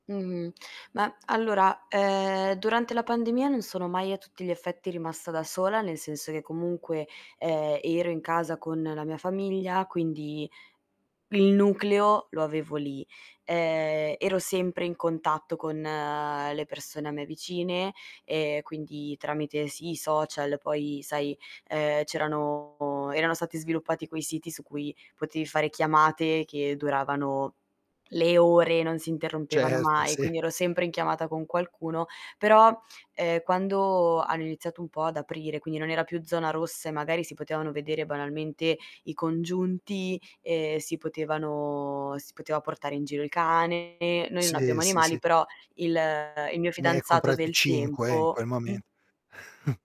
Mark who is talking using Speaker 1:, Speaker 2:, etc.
Speaker 1: Mh-mh. Ma allora, ehm, durante la pandemia non sono mai a tutti gli effetti rimasta da sola, nel senso che comunque, ehm, ero in casa con la mia famiglia, quindi il nucleo lo avevo lì. Ehm, ero sempre in contatto con le persone a me vicine e quindi tramite sì, i social, poi sai, ehm, c'erano erano stati sviluppati quei siti su cui potevi fare chiamate che duravano le ore, non si interrompevano
Speaker 2: Certo,
Speaker 1: mai,
Speaker 2: sì.
Speaker 1: quindi ero sempre in chiamata con qualcuno. Però, ehm, quando hanno iniziato un po' ad aprire, quindi non era più zona rossa e magari si potevano vedere banalmente i congiunti, ehm, si potevano si poteva portare in giro il cane, noi non
Speaker 2: Sì,
Speaker 1: abbiamo
Speaker 2: sì,
Speaker 1: animali,
Speaker 2: sì.
Speaker 1: però il il mio
Speaker 2: Ne hai
Speaker 1: fidanzato
Speaker 2: comprati
Speaker 1: del
Speaker 2: 5, in
Speaker 1: tempo
Speaker 2: quel
Speaker 1: mh?
Speaker 2: moment